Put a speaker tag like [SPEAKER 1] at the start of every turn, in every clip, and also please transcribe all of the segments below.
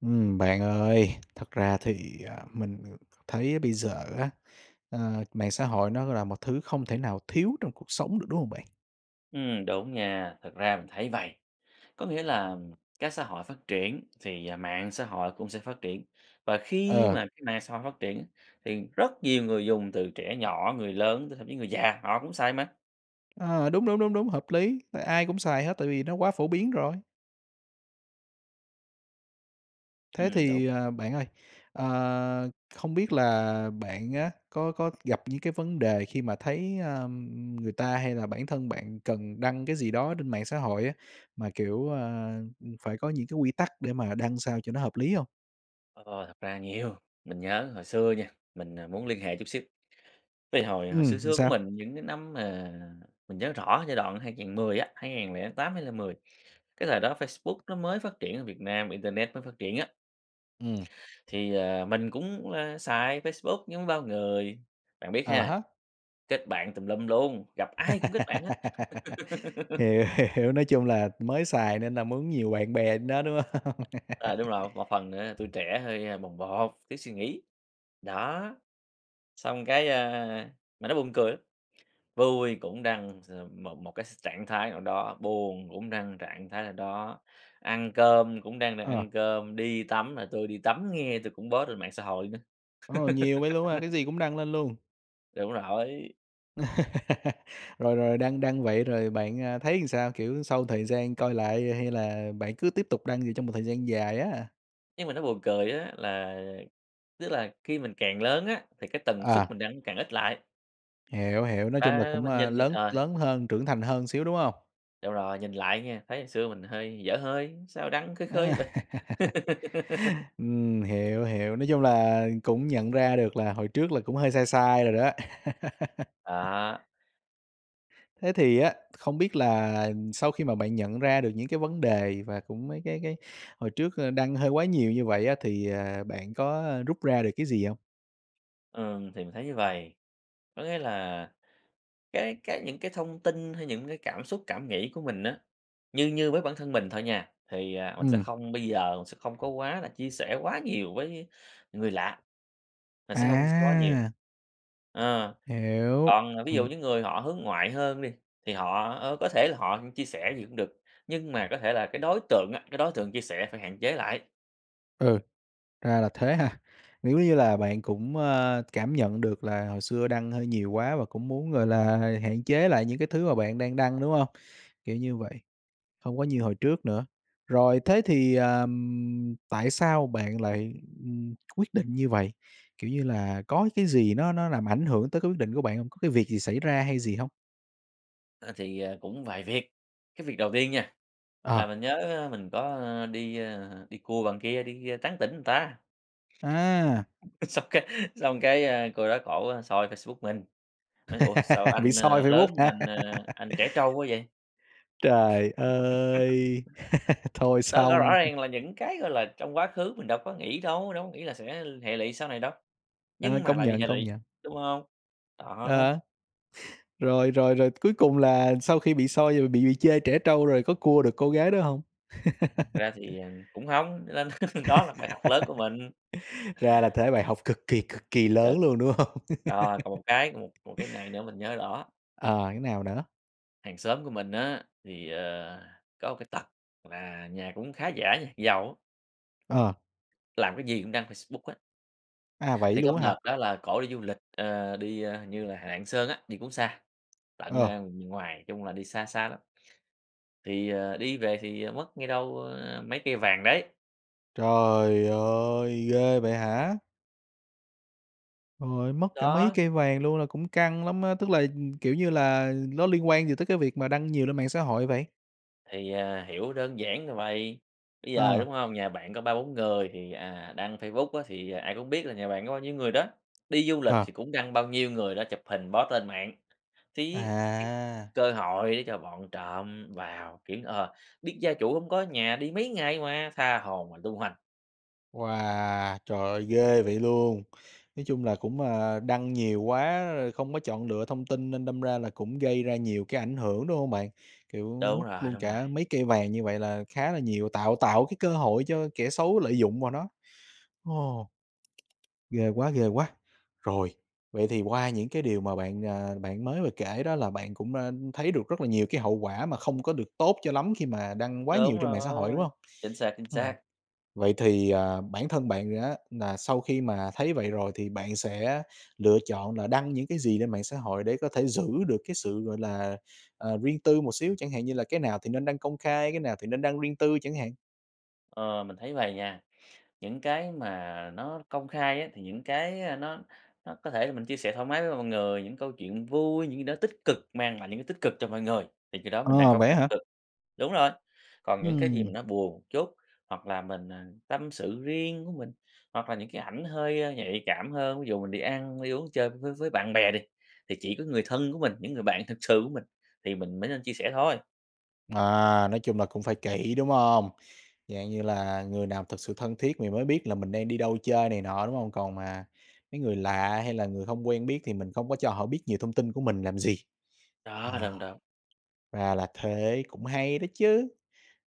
[SPEAKER 1] Ừm, bạn ơi, thật ra thì, à, mình thấy bây giờ á, ờ, mạng xã hội nó là một thứ không thể nào thiếu trong cuộc sống được, đúng hông bạn?
[SPEAKER 2] Ừm, đúng nha, thực ra mình thấy vầy, có nghĩa là các xã hội phát triển, thì, à, mạng xã hội cũng sẽ phát triển, và khi
[SPEAKER 1] Ờ.
[SPEAKER 2] mà cái mạng xã hội phát triển thì rất nhiều người dùng từ trẻ nhỏ, người lớn, thậm chí người già, họ cũng xài mà.
[SPEAKER 1] Ờ, đúng, đúng, đúng, đúng, hợp lý, tại ai cũng xài hết tại vì nó quá phổ biến rồi. Thế
[SPEAKER 2] Ừm, đúng.
[SPEAKER 1] thì, ờ, bạn ơi, ờ, không biết là bạn á có có gặp những cái vấn đề khi mà thấy, ơ, người ta hay là bản thân bạn cần đăng cái gì đó trên mạng xã hội á, mà, kiểu, ơ, phải có những cái quy tắc để mà đăng sao cho nó hợp lý hông?
[SPEAKER 2] Ố, ô, thật ra nhiều, mình nhớ hồi xưa nha, mình, ờ, muốn liên hệ chút xíu, cái hồi hồi xưa
[SPEAKER 1] Ừm, ừm,
[SPEAKER 2] xưa của
[SPEAKER 1] sao?
[SPEAKER 2] mình những cái năm mà mình nhớ rõ giai đoạn 2010 á, 2008, 2010, cái thời đó Facebook nó mới phát triển ở Việt Nam, internet mới phát triển á.
[SPEAKER 1] Ừm.
[SPEAKER 2] Thì, ờ, mình cũng, a, xài Facebook giống bao người, bạn biết
[SPEAKER 1] Ờ
[SPEAKER 2] ha
[SPEAKER 1] há.
[SPEAKER 2] kết bạn tùm lum luôn, gặp ai cũng kết bạn hết.
[SPEAKER 1] Hiểu, hiểu, nói chung là mới xài nên là muốn nhiều bạn bè trên đó, đúng hông?
[SPEAKER 2] Ờ, đúng rồi, một một phần nữa tuổi trẻ hơi, ơ, bồng bột, thiếu suy nghĩ, đó. Xong cái, a mà nó buồn cười lắm, vui cũng đăng x một một cái s trạng thái nào đó, buồn cũng đăng trạng thái nào đó, ăn cơm cũng đăng đang
[SPEAKER 1] Ờ.
[SPEAKER 2] ăn cơm, đi tắm là "Tôi đi tắm nghe," tôi cũng post lên mạng xã hội nữa.
[SPEAKER 1] Ồ, nhiều vậy luôn hả? Cái gì cũng đăng lên luôn?
[SPEAKER 2] Đúng rồi.
[SPEAKER 1] Rồi rồi đăng đăng vậy rồi bạn, à, thấy làm sao? Kiểu sau thời gian coi lại hay là bạn cứ tiếp tục đăng gì trong một thời gian dài á?
[SPEAKER 2] Nhưng mà nó buồn cười á, là tức là khi mình càng lớn á, thì cái tần suất
[SPEAKER 1] À.
[SPEAKER 2] mình đăng càng ít lại.
[SPEAKER 1] Hiểu, hiểu, nói chung là
[SPEAKER 2] A,
[SPEAKER 1] cũng,
[SPEAKER 2] mình
[SPEAKER 1] ờ,
[SPEAKER 2] nhìn là,
[SPEAKER 1] lớn
[SPEAKER 2] ờ
[SPEAKER 1] lớn hơn, trưởng thành hơn xíu, đúng hông?
[SPEAKER 2] Đúng rồi, nhìn lại nha, thấy hồi xưa mình hơi dở hơi, sao đăng khơi khơi
[SPEAKER 1] A.
[SPEAKER 2] vậy?
[SPEAKER 1] Ừm, hiểu, hiểu, nói chung là cũng nhận ra được là hồi trước là cũng hơi sai sai rồi đó.
[SPEAKER 2] Đó.
[SPEAKER 1] Thế thì á, không biết là sau khi mà bạn nhận ra được những cái vấn đề và cũng mấy cái cái hồi trước, ơ, đăng hơi quá nhiều như vậy á, thì, à, bạn có rút ra được cái gì hông?
[SPEAKER 2] Ừm, thì mình thấy như vầy, có nghĩa là cái cái những cái thông tin hay những cái cảm xúc, cảm nghĩ của mình á, như như với bản thân mình thôi nha, thì, à, mình sẽ
[SPEAKER 1] Ừm.
[SPEAKER 2] không bây giờ sẽ không có quá là chia sẻ quá nhiều với người lạ, mình sẽ hông [unintelligible] quá nhiều.
[SPEAKER 1] À.
[SPEAKER 2] Ờ,
[SPEAKER 1] Hiểu,
[SPEAKER 2] còn, ờ, ví dụ
[SPEAKER 1] ừm.
[SPEAKER 2] những người họ hướng ngoại hơn đi thì họ, ờ, có thể là họ chia sẻ gì cũng được, nhưng mà có thể là cái đối tượng á, cái đối tượng chia sẻ phải hạn chế lại.
[SPEAKER 1] Ừ, ra là thế ha. Nếu như là bạn cũng, à, cảm nhận được là hồi xưa đăng hơi nhiều quá và cũng muốn, gọi là, h hạn chế lại những cái thứ mà bạn đang đăng, đúng không? Kiểu như vậy, không có như hồi trước nữa. Rồi, thế thì, à, ừm, tại sao bạn lại, ừm, quyết định như vậy? Kiểu như là, có cái gì nó nó làm ảnh hưởng tới cái quyết định của bạn hông? Có cái việc gì xảy ra hay gì hông?
[SPEAKER 2] Ờ, thì, ờ, cũng vài việc. Cái việc đầu tiên nha,
[SPEAKER 1] Ờ.
[SPEAKER 2] là mình nhớ mình có, ơ, đi, ờ, đi cua bạn kia, đi tán tỉnh người ta.
[SPEAKER 1] À!
[SPEAKER 2] Xong cái xong cái, a, cô đó cổ soi Facebook mình, nói: "Ủa, sao
[SPEAKER 1] Bị
[SPEAKER 2] anh,
[SPEAKER 1] soi
[SPEAKER 2] ờ, lớn
[SPEAKER 1] Facebook
[SPEAKER 2] mà
[SPEAKER 1] hả?
[SPEAKER 2] anh, ờ, anh trẻ trâu quá vậy?"
[SPEAKER 1] Trời ơi, thôi
[SPEAKER 2] Đó, rõ rõ
[SPEAKER 1] xong!
[SPEAKER 2] ràng là những cái, gọi là, trong quá khứ mình đâu có nghĩ đâu, đâu có nghĩ là sẽ l hệ lụy sau này đâu,
[SPEAKER 1] Trời ơi,
[SPEAKER 2] nhưng mà
[SPEAKER 1] công
[SPEAKER 2] lại bị
[SPEAKER 1] nhận,
[SPEAKER 2] hệ
[SPEAKER 1] công
[SPEAKER 2] lụy,
[SPEAKER 1] nhận.
[SPEAKER 2] đúng không? Đó.
[SPEAKER 1] Ờ. Rồi rồi rồi cuối cùng là sau khi bị soi rồi bị bị chê trẻ trâu, rồi có cua được cô gái đó hông?
[SPEAKER 2] Thật ra thì, ờ, cũng hông, cho nên đó là bài học lớn của mình.
[SPEAKER 1] Ra là thế, bài học cực kỳ, cực kỳ
[SPEAKER 2] Ờ.
[SPEAKER 1] lớn luôn, đúng hông?
[SPEAKER 2] Ờ, còn một cái còn một một cái này nữa mình nhớ rõ.
[SPEAKER 1] Ờ, thế nào nữa?
[SPEAKER 2] Hàng xóm của mình á thì, ờ, có một cái tật là nhà cũng khá giả nha, giàu á.
[SPEAKER 1] Ờ.
[SPEAKER 2] Làm cái gì cũng đăng Facebook hết.
[SPEAKER 1] À, vậy
[SPEAKER 2] Thì có
[SPEAKER 1] luôn
[SPEAKER 2] một
[SPEAKER 1] á
[SPEAKER 2] đợt
[SPEAKER 1] hả?
[SPEAKER 2] đó là cổ đi du lịch, ờ, đi, ơ, hình như là Lạng Sơn á, đi cũng xa tận,
[SPEAKER 1] Ờ.
[SPEAKER 2] a, m miền ngoài, chung là đi xa xa lắm, thì, ờ, đi về thì mất nghe đâu, ơ, mấy cây vàng đấy.
[SPEAKER 1] Trời ơi, ghê vậy hả? Trời ơi, mất cả mấy
[SPEAKER 2] Đó.
[SPEAKER 1] cây vàng luôn là cũng căng lắm á. Tức là, ừm, kiểu như là, nó liên quan gì tới cái việc mà đăng nhiều lên mạng xã hội vậy?
[SPEAKER 2] Thì, ờ, hiểu đơn giản là vầy, bây giờ,
[SPEAKER 1] Ờ.
[SPEAKER 2] đúng hông? Nhà bạn có 3, 4 người thì, à, đăng Facebook á thì, à, ai cũng biết là nhà bạn có bao nhiêu người đó, đi du lịch
[SPEAKER 1] Ờ.
[SPEAKER 2] thì cũng đăng bao nhiêu người đó chụp hình post lên mạng, thì cái
[SPEAKER 1] À!
[SPEAKER 2] cơ hội để cho bọn trộm vào, kiểu, ờ, biết gia chủ hông có nhà đi mấy ngày mà, tha hồ mà tung hoành.
[SPEAKER 1] Wow! Trời ơi, ghê vậy luôn. Nói chung là cũng, à, đăng nhiều quá, rồi không có chọn lựa thông tin nên đâm ra là cũng gây ra nhiều cái ảnh hưởng, đúng hông bạn? Kiểu,
[SPEAKER 2] Đúng
[SPEAKER 1] mất
[SPEAKER 2] rồi,
[SPEAKER 1] luôn
[SPEAKER 2] đúng rồi.
[SPEAKER 1] cả mấy cây vàng như vậy là khá là nhiều, tạo tạo cái cơ hội cho kẻ xấu lợi dụng vào nó. Ồ. Ghê quá, ghê quá! Rồi. Vậy thì qua những cái điều mà bạn, à, bạn mới vừa kể đó là bạn cũng đã thấy được rất là nhiều cái hậu quả mà không có được tốt cho lắm khi mà đăng quá nhiều
[SPEAKER 2] Đúng
[SPEAKER 1] trên mạng xã hội, đúng
[SPEAKER 2] rồi.
[SPEAKER 1] hông?
[SPEAKER 2] Chính xác, chính
[SPEAKER 1] Ừm.
[SPEAKER 2] xác.
[SPEAKER 1] Vậy thì, à, bản thân bạn á là sau khi mà thấy vậy rồi thì bạn sẽ lựa chọn là đăng những cái gì trên mạng xã hội để có thể giữ được cái sự, gọi là, à, riêng tư một xíu, chẳng hạn như là cái nào thì nên đăng công khai, cái nào thì nên đăng riêng tư chẳng hạn?
[SPEAKER 2] Ờ, mình thấy vầy nha, những cái mà nó công khai á, thì những cái, ơ, nó nó có thể là mình chia sẻ thoải mái với mọi người, những câu chuyện vui, những cái gì đó tích cực mang lại những cái tích cực cho mọi người thì khi đó mình đăng
[SPEAKER 1] Ờ,
[SPEAKER 2] công
[SPEAKER 1] vậy
[SPEAKER 2] khai
[SPEAKER 1] á hả?
[SPEAKER 2] tích cực. Đúng rồi, còn những cái gì mà
[SPEAKER 1] Ừm.
[SPEAKER 2] nó buồn một chút hoặc là mình, à, tâm sự riêng của mình hoặc là những cái ảnh hơi nhạy cảm hơn, ví dụ mình đi ăn, đi uống chơi với với bạn bè đi, thì chỉ có người thân của mình, những người bạn thực sự của mình thì mình mới nên chia sẻ thôi.
[SPEAKER 1] À, nói chung là cũng phải kỹ, đúng hông? Dạng như là người nào thực sự thân thiết thì mới biết là mình đang đi đâu chơi này nọ, đúng hông? Còn mà mấy người lạ hay là người hông quen biết thì mình không có cho họ biết nhiều thông tin của mình làm gì.
[SPEAKER 2] Đó,
[SPEAKER 1] Ờ.
[SPEAKER 2] đúng, đúng.
[SPEAKER 1] Ra là thế, cũng hay đó chứ!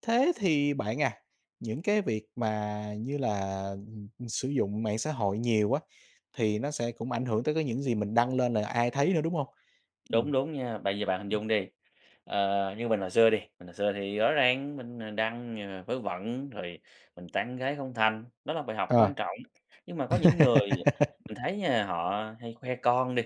[SPEAKER 1] Thế thì bạn à, những cái việc mà như là, ừm, sử dụng mạng xã hội nhiều á, thì nó sẽ cũng ảnh hưởng tới cái những gì mình đăng lên là ai thấy nữa, đúng hông? Ừm.
[SPEAKER 2] Đúng đúng nha, bây giờ bạn hình
[SPEAKER 1] Ưm.
[SPEAKER 2] dung đi, ờ, như mình hồi xưa đi, mình hồi xưa thì rõ ràng mình, ờ, đăng nh vớ vẩn, rồi mình tán gái không thành, đó là bài học
[SPEAKER 1] Ờ.
[SPEAKER 2] quan trọng nhưng mà có những người mình thấy nha là họ hay khoe con đi,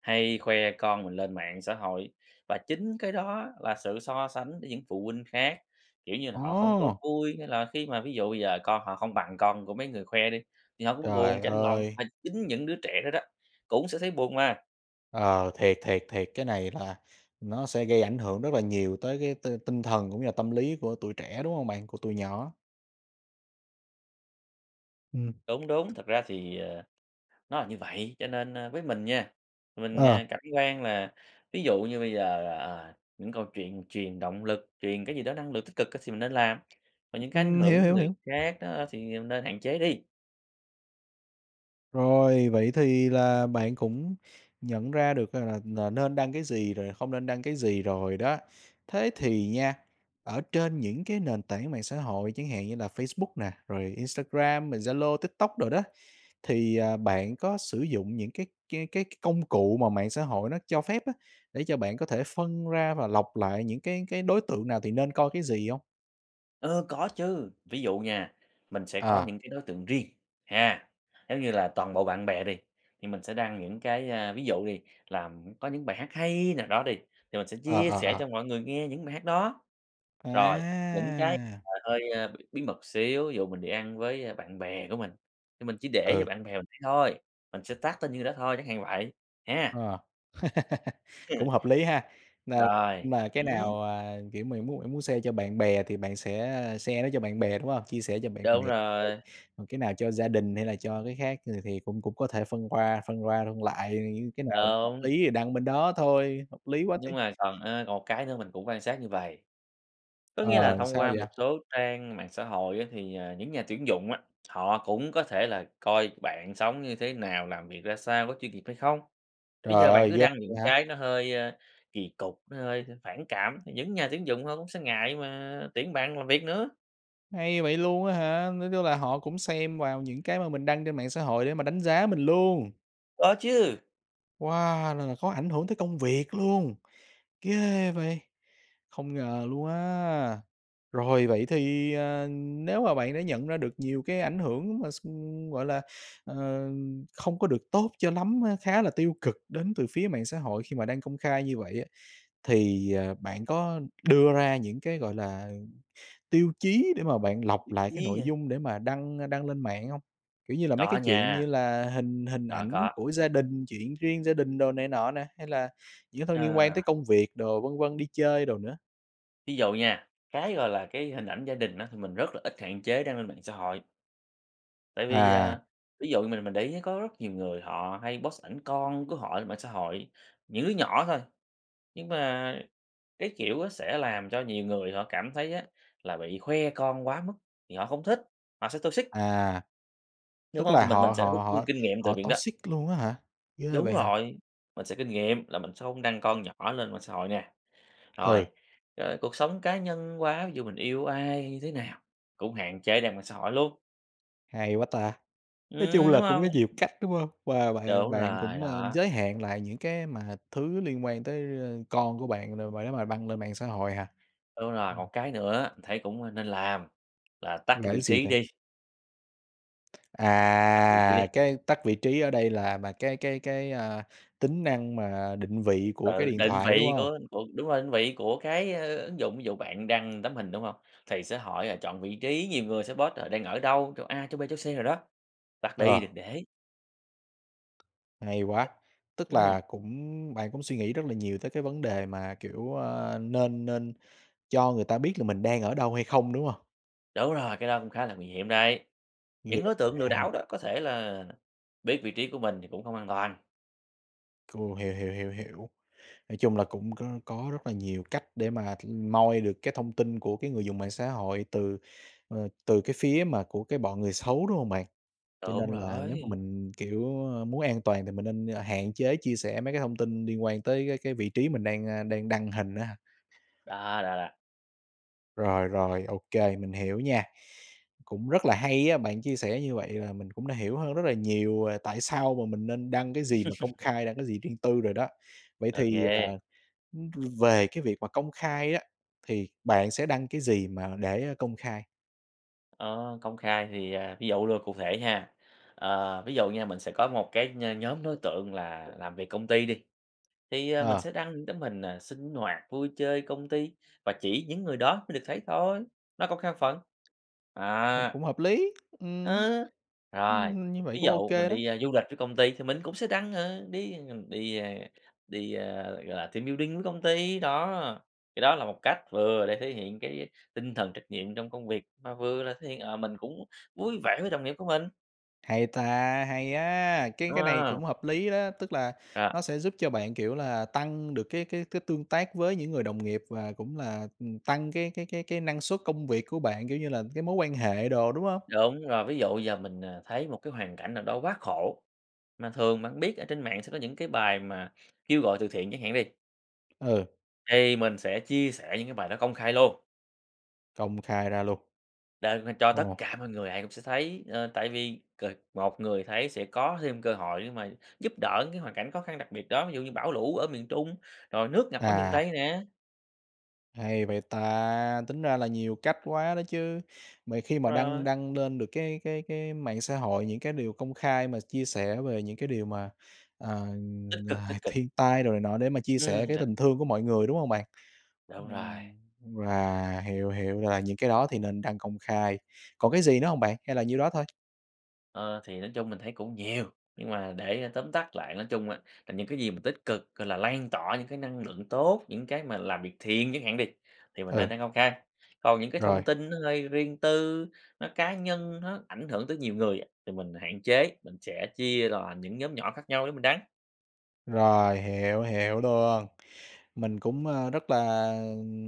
[SPEAKER 2] hay khoe con mình lên mạng xã hội, và chính cái đó là sự so sánh với những phụ huynh khác, kiểu như, là họ không có
[SPEAKER 1] Ô!
[SPEAKER 2] vui. Hay là khi mà ví dụ bây giờ con họ không bằng con của mấy người khoe đi, thì họ cũng buồn,
[SPEAKER 1] Trời
[SPEAKER 2] chạnh lòng,
[SPEAKER 1] ơi!
[SPEAKER 2] mà chính những đứa trẻ đó đó, cũng sẽ thấy buồn mà.
[SPEAKER 1] Ờ, thiệt, thiệt, thiệt, cái này là nó sẽ gây ảnh hưởng rất là nhiều tới cái t tinh thần cũng như là tâm lý của tụi trẻ, đúng không bạn? Của tụi nhỏ. Ừm.
[SPEAKER 2] Đúng, đúng, thật ra thì, ờ, nó là như vậy, cho nên, ơ, với mình nha, mình, ờ,
[SPEAKER 1] Ờ.
[SPEAKER 2] cảm quan là ví dụ như bây giờ, ờ, những câu chuyện truyền động lực, truyền cái gì đó năng lượng tích cực thì mình nên làm, và những cái ảnh
[SPEAKER 1] Ừm, hiểu,
[SPEAKER 2] hưởng
[SPEAKER 1] hiểu,
[SPEAKER 2] người
[SPEAKER 1] hiểu.
[SPEAKER 2] khác á thì, ờ, nên hạn chế đi.
[SPEAKER 1] Rồi vậy thì là bạn cũng nhận ra được rằng là n nên đăng cái gì, rồi không nên đăng cái gì rồi đó. Thế thì nha, ở trên những cái nền tảng mạng xã hội chẳng hạn như là Facebook nè, rồi Instagram, rồi Zalo, TikTok đồ đó, thì, ờ, bạn có sử dụng những cái cái cái công cụ mà mạng xã hội nó cho phép á, để cho bạn có thể phân ra và lọc lại những cái cái đối tượng nào thì nên coi cái gì hông?
[SPEAKER 2] Ơ, có chứ, ví dụ nha, mình sẽ có
[SPEAKER 1] À.
[SPEAKER 2] những cái đối tượng riêng, ha. Giống như là, toàn bộ bạn bè đi, thì mình sẽ đăng những cái, a, ví dụ đi là có những bài hát hay nào đó đi, thì mình sẽ
[SPEAKER 1] À,
[SPEAKER 2] chia sẻ
[SPEAKER 1] à,
[SPEAKER 2] cho
[SPEAKER 1] à.
[SPEAKER 2] mọi người nghe những bài hát đó. Rồi, những cái
[SPEAKER 1] À!
[SPEAKER 2] mà hơi, a, b bí mật xíu, dụ mình đi ăn với bạn bè của mình, thì mình chỉ để
[SPEAKER 1] Ừ.
[SPEAKER 2] cho bạn bè mình thấy thôi, mình sẽ tag tên nhiêu đó thôi, chẳng hạn như vậy, ha.
[SPEAKER 1] À. Cũng
[SPEAKER 2] [unintelligible]
[SPEAKER 1] hợp lý ha. N
[SPEAKER 2] Rồi,
[SPEAKER 1] n cái
[SPEAKER 2] ừm.
[SPEAKER 1] nào, à, kiểu, mình muốn muốn share cho bạn bè thì bạn sẽ share nó cho bạn bè, đúng hông? Chia sẻ cho bạn
[SPEAKER 2] Đúng
[SPEAKER 1] bè
[SPEAKER 2] rồi.
[SPEAKER 1] [unintelligible] cái nào cho gia đình hay là cho cái khác thì thì cũng cũng có thể phân qua, phân qua phân lại, những cái nào hợp
[SPEAKER 2] Đúng.
[SPEAKER 1] lý thì đăng bên đó thôi, hợp lý quá chứ.
[SPEAKER 2] Nhưng mà còn, ơ, còn một cái nữa mình cũng quan sát như vầy. Có nghĩa là
[SPEAKER 1] Ờ,
[SPEAKER 2] thông
[SPEAKER 1] sao
[SPEAKER 2] qua một
[SPEAKER 1] vậy?
[SPEAKER 2] số trang mạng xã hội á thì, à, những nhà tuyển dụng á, họ cũng có thể là coi bạn sống như thế nào? Làm việc ra sao? Có chuyên nghiệp hay không? Bây giờ
[SPEAKER 1] Trời
[SPEAKER 2] bạn
[SPEAKER 1] ơi,
[SPEAKER 2] cứ
[SPEAKER 1] ghê
[SPEAKER 2] đăng
[SPEAKER 1] vậy
[SPEAKER 2] những
[SPEAKER 1] hả?
[SPEAKER 2] cái nó hơi, a, kỳ cục, nó hơi hơi phản cảm, những nhà tuyển dụng họ cũng sẽ ngại mà tuyển bạn làm việc nữa.
[SPEAKER 1] Hay vậy luôn á hả? Nói chung là họ cũng xem vào những cái mà mình đăng trên mạng xã hội để mà đánh giá mình luôn!
[SPEAKER 2] Có chứ.
[SPEAKER 1] Wow! Là là khó ảnh hưởng tới công việc luôn. Ghê vậy! Không ngờ luôn á. Rồi vậy thì, à, nếu mà bạn đã nhận ra được nhiều cái ảnh hưởng mà x gọi là, ờ, không có được tốt cho lắm á, khá là tiêu cực đến từ phía mạng xã hội khi mà đăng công khai như vậy á, thì, à, bạn có đưa ra những cái, gọi là, tiêu chí để mà bạn lọc
[SPEAKER 2] [unintelligible]
[SPEAKER 1] lại cái
[SPEAKER 2] nhí
[SPEAKER 1] nội
[SPEAKER 2] hả?
[SPEAKER 1] dung để mà đăng, ơ, đăng lên mạng hông? Kiểu như là, mấy
[SPEAKER 2] Có
[SPEAKER 1] cái chuyện như
[SPEAKER 2] nha.
[SPEAKER 1] là hình hình
[SPEAKER 2] Có,
[SPEAKER 1] ảnh
[SPEAKER 2] có.
[SPEAKER 1] của gia đình, chuyện riêng gia đình đồ này nọ nè, hay là những thông liên quan
[SPEAKER 2] Ờ.
[SPEAKER 1] tới công việc đồ, vân vân, đi chơi đồ nữa?
[SPEAKER 2] Ví dụ nha, cái, gọi là, cái hình ảnh gia đình á thì mình rất là ít, hạn chế đăng lên mạng xã hội. Tại vì,
[SPEAKER 1] À.
[SPEAKER 2] à ví dụ mình mình để ý có rất nhiều người họ hay post ảnh con của họ lên mạng xã hội, những đứa nhỏ thôi, nhưng mà cái kiểu sẽ làm cho nhiều người họ cảm thấy á, là bị khoe con quá mức thì họ không thích, họ sẽ toxic.
[SPEAKER 1] À,
[SPEAKER 2] Đúng
[SPEAKER 1] tức
[SPEAKER 2] hông?
[SPEAKER 1] là
[SPEAKER 2] Thì mình mình
[SPEAKER 1] họ
[SPEAKER 2] sẽ rút
[SPEAKER 1] họ
[SPEAKER 2] rút, ưm,
[SPEAKER 1] họ
[SPEAKER 2] kinh nghiệm từ
[SPEAKER 1] họ
[SPEAKER 2] viện đó.
[SPEAKER 1] toxic luôn á hả? Ghê
[SPEAKER 2] Đúng
[SPEAKER 1] vậy hả?
[SPEAKER 2] rồi, mình sẽ kinh nghiệm là mình sẽ hông đăng con nhỏ lên mạng xã hội nè.
[SPEAKER 1] Ừ.
[SPEAKER 2] Rồi, ờ, cuộc sống cá nhân quá, ví dụ, mình yêu ai, như thế nào cũng hạn chế đem lên mạng xã hội luôn.
[SPEAKER 1] Hay quá ta! Nói chung
[SPEAKER 2] Ừm, đúng
[SPEAKER 1] là cũng
[SPEAKER 2] hông?
[SPEAKER 1] có nhiều cách, đúng hông? Và bạn
[SPEAKER 2] Đúng
[SPEAKER 1] bạn
[SPEAKER 2] rồi,
[SPEAKER 1] cũng, a,
[SPEAKER 2] đó.
[SPEAKER 1] giới hạn lại những cái mà thứ liên quan tới, ơ, con của bạn đồ mà nếu mà đăng lên mạng xã hội hả?
[SPEAKER 2] Đúng rồi,
[SPEAKER 1] Ừm.
[SPEAKER 2] một cái nữa thấy cũng nên làm là tắt
[SPEAKER 1] Là
[SPEAKER 2] cái vị
[SPEAKER 1] cái gì
[SPEAKER 2] trí
[SPEAKER 1] vậy?
[SPEAKER 2] đi. Tắt vị trí đi.
[SPEAKER 1] À! Cái tắt vị trí ở đây là mà cái cái cái, a, tính năng mà định vị của cái
[SPEAKER 2] Ừ,
[SPEAKER 1] điện
[SPEAKER 2] định
[SPEAKER 1] thoại, đúng
[SPEAKER 2] vị
[SPEAKER 1] hông?
[SPEAKER 2] của của đúng rồi, định vị của cái ứng dụng. Ví dụ bạn đăng tấm hình đúng hông? Thì sẽ hỏi là chọn vị trí, nhiều người sẽ post họ đang ở đâu, chỗ A, chỗ B, chỗ C nào đó. Tắt đi,
[SPEAKER 1] Ờ.
[SPEAKER 2] đừng để.
[SPEAKER 1] Hay quá! Tức
[SPEAKER 2] Ừm.
[SPEAKER 1] là cũng bạn cũng suy nghĩ rất là nhiều tới cái vấn đề mà kiểu, ơ, nên nên cho người ta biết là mình đang ở đâu hay không, đúng hông?
[SPEAKER 2] Đúng rồi, cái đó cũng khá là nguy hiểm đấy.
[SPEAKER 1] [unintelligible] Vậy
[SPEAKER 2] Những đối tượng lừa
[SPEAKER 1] á hả?
[SPEAKER 2] đảo đó có thể là biết vị trí của mình thì cũng không an toàn.
[SPEAKER 1] Ồ, hiểu, hiểu, hiểu, hiểu. Nói chung là cũng có có rất là nhiều cách để mà, ừm, moi được cái thông tin của cái người dùng mạng xã hội từ, ờ, từ cái phía mà của cái bọn người xấu, đúng hông bạn? Cho
[SPEAKER 2] Đúng
[SPEAKER 1] nên là nếu mà
[SPEAKER 2] rồi.
[SPEAKER 1] mình, kiểu, ơ, muốn an toàn thì mình nên hạn chế chia sẻ mấy cái thông tin liên quan tới cái cái vị trí mình đang, a, đang đăng hình á ha.
[SPEAKER 2] Đó, đó, đó.
[SPEAKER 1] Rồi, rồi. Ô kê, mình hiểu nha. Cũng rất là hay á, bạn chia sẻ như vậy là mình cũng đã hiểu hơn rất là nhiều, à, tại sao mà mình nên đăng cái gì mà công khai, đăng cái gì riêng tư rồi đó. Vậy
[SPEAKER 2] Ô
[SPEAKER 1] thì, à,
[SPEAKER 2] kê.
[SPEAKER 1] ưm, về cái việc mà công khai á, thì bạn sẽ đăng cái gì mà để công khai?
[SPEAKER 2] Ờ, công khai thì, à, ví dụ luôn, cụ thể ha. Ờ, ví dụ nha mình sẽ có một cái nh nhóm đối tượng là làm việc công ty đi thì, ờ, mình
[SPEAKER 1] Ờ.
[SPEAKER 2] sẽ đăng những tấm hình, ờ, sinh hoạt, vui chơi công ty và chỉ những người đó mới được thấy thôi, nó công khai phần,
[SPEAKER 1] [unintelligible]
[SPEAKER 2] á.
[SPEAKER 1] Cũng hợp lý. Ừm.
[SPEAKER 2] Ơ, rồi,
[SPEAKER 1] Ưm, như vậy
[SPEAKER 2] ví
[SPEAKER 1] cũng ô
[SPEAKER 2] dụ mình
[SPEAKER 1] kê đó.
[SPEAKER 2] đi, ơ, du lịch với công ty thì mình cũng sẽ đăng. Ờ, đi, ờ, ng đi, a, đi, ơ, gọi là, team building với công ty, đó. Cái đó là một cách vừa để thể hiện cái tinh thần trách nhiệm trong công việc mà vừa là thể hiện, ờ, mình cũng vui vẻ với đồng nghiệp của mình.
[SPEAKER 1] Hay ta, hay á, cái
[SPEAKER 2] Đúng
[SPEAKER 1] cái này
[SPEAKER 2] hông?
[SPEAKER 1] cũng hợp lý đó, tức là
[SPEAKER 2] R
[SPEAKER 1] nó sẽ giúp cho bạn, kiểu, là tăng được cái cái cái tương tác với những người đồng nghiệp và cũng là, ừm, tăng cái cái cái cái năng suất công việc của bạn, kiểu như, là cái mối quan hệ đồ, đúng hông?
[SPEAKER 2] Đúng rồi, ví dụ giờ mình, ờ, thấy một cái hoàn cảnh nào đó quá khổ mà thường bạn biết ở trên mạng sẽ có những cái bài mà kêu gọi từ thiện chẳng hạn đi.
[SPEAKER 1] Ừ.
[SPEAKER 2] Thì mình sẽ chia sẻ những cái bài đó công khai luôn.
[SPEAKER 1] Công khai ra luôn.
[SPEAKER 2] Đăng lên cho tất
[SPEAKER 1] Ồ.
[SPEAKER 2] cả mọi người ai cũng sẽ thấy, ờ, tại vì c một người thấy sẽ có thêm cơ hội để mà giúp đỡ những cái hoàn cảnh khó khăn đặc biệt đó, ví dụ như bảo lũ ở miền Trung, rồi nước ngập ở miền
[SPEAKER 1] À.
[SPEAKER 2] Tây nè.
[SPEAKER 1] Hay vậy ta. Tính ra là nhiều cách quá đó chứ. Mà khi mà đăng
[SPEAKER 2] Rồi.
[SPEAKER 1] đăng lên được cái cái cái mạng xã hội những cái điều công khai mà ch chia sẻ về những cái điều mà, ờ,
[SPEAKER 2] Tích cực, tích
[SPEAKER 1] là
[SPEAKER 2] cực.
[SPEAKER 1] thiên tai đồ này nọ để mà chia sẻ
[SPEAKER 2] Ừm,
[SPEAKER 1] cái
[SPEAKER 2] thật.
[SPEAKER 1] tình thương của mọi người, đúng hông bạn?
[SPEAKER 2] Đúng rồi.
[SPEAKER 1] Ừm, à, hiểu, hiểu là những cái đó thì nên đăng công khai. Còn cái gì nữa hông bạn? Hay là nhiêu đó thôi?
[SPEAKER 2] Ơ, thì nói chung mình thấy cũng nhiều nhưng mà để, ơ, tóm tắt lại nói chung á là những cái gì mà tích cực, gọi là, lan tỏa những cái năng lượng tốt, những cái mà làm việc thiện chẳng hạn đi, thì mình
[SPEAKER 1] Ừ.
[SPEAKER 2] nên đăng công khai còn những cái thông
[SPEAKER 1] Rồi.
[SPEAKER 2] tin nó hơi riêng tư, nó cá nhân, nó ảnh hưởng tới nhiều người á thì mình hạn chế, mình sẽ chia ra những nhóm nhỏ khác nhau để mình đăng.
[SPEAKER 1] Rồi, hiểu, hiểu luôn. Mình cũng, ơ, rất là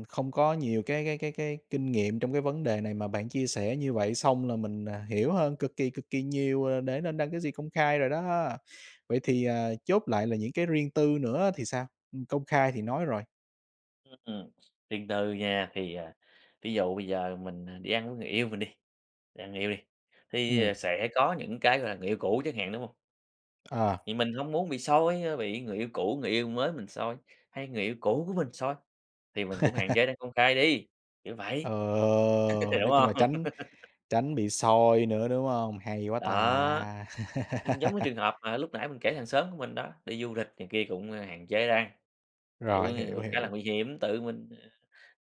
[SPEAKER 1] không có nhiều cái cái cái cái kinh nghiệm trong cái vấn đề này mà bạn chia sẻ như vậy, xong là mình, à, hiểu hơn cực kỳ, cực kỳ nhiều, ờ, để nên đăng cái gì công khai rồi đó. Vậy thì, ờ, chốt lại là những cái riêng tư nữa thì sao? Ừm, công khai thì nói rồi.
[SPEAKER 2] Ưm, ừm, riêng tư nha. Thì, à, ví dụ bây giờ mình, à, đi ăn với người yêu mình đi, đi ăn người yêu đi, thì,
[SPEAKER 1] Ừm.
[SPEAKER 2] ờ, sẽ có những cái, gọi là, người yêu cũ chẳng hạn, đúng hông?
[SPEAKER 1] À.
[SPEAKER 2] Thì mình hông muốn bị soi, a, bị người yêu cũ, người yêu mới mình soi, hay người yêu cũ của mình soi thì mình cũng hạn chế đăng công khai đi, kiểu
[SPEAKER 1] Ờ,
[SPEAKER 2] vậy, đúng
[SPEAKER 1] nói chung là
[SPEAKER 2] hông?
[SPEAKER 1] tránh tránh bị soi nữa, đúng hông? Hay quá ta!
[SPEAKER 2] Đó, ừm, giống như trường hợp mà lúc nãy mình kể hàng xóm của mình đó, đi du lịch này kia cũng hạn chế đăng, kiểu,
[SPEAKER 1] Rồi, hiểu,
[SPEAKER 2] ngư khá là
[SPEAKER 1] hiểu.
[SPEAKER 2] nguy hiểm. Tự mình, ờ,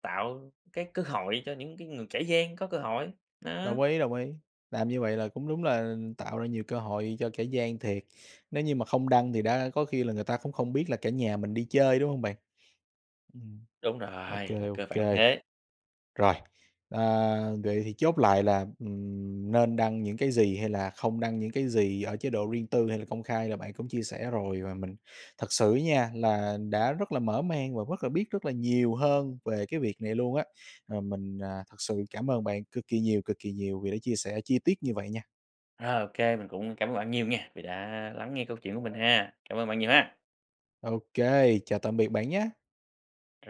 [SPEAKER 2] tạo cái cơ hội cho những cái ng kẻ gian có cơ hội, đó.
[SPEAKER 1] Đồng ý, đồng ý, làm như vậy là cũng đúng là tạo ra nhiều cơ hội cho kẻ gian thiệt, nếu như mà không đăng thì đã có khi là người ta cũng không biết là cả nhà mình đi chơi đúng hông bạn? Ừm.
[SPEAKER 2] Đúng
[SPEAKER 1] Ô
[SPEAKER 2] rồi, là
[SPEAKER 1] kê, ô
[SPEAKER 2] cơ bản
[SPEAKER 1] kê.
[SPEAKER 2] thế.
[SPEAKER 1] Rồi, à, vậy thì chốt lại là, ừm, nên đăng những cái gì hay là không đăng những cái gì ở chế độ riêng tư hay là công khai là bạn cũng chia sẻ rồi, và mình thật sự á nha, là đã rất là mở mang và rất là biết rất là nhiều hơn về cái việc này luôn á. Ờ, mình, à, thật sự cảm ơn bạn cực kỳ nhiều, cực kỳ nhiều vì đã chia sẻ chi tiết như vậy nha!
[SPEAKER 2] Rồi, ô kê, mình cũng cảm ơn bạn nhiều nghe vì đã lắng nghe câu chuyện của mình ha. Cảm ơn bạn nhiều ha!
[SPEAKER 1] Ô kê, chào tạm biệt bạn nhá!
[SPEAKER 2] Rồi.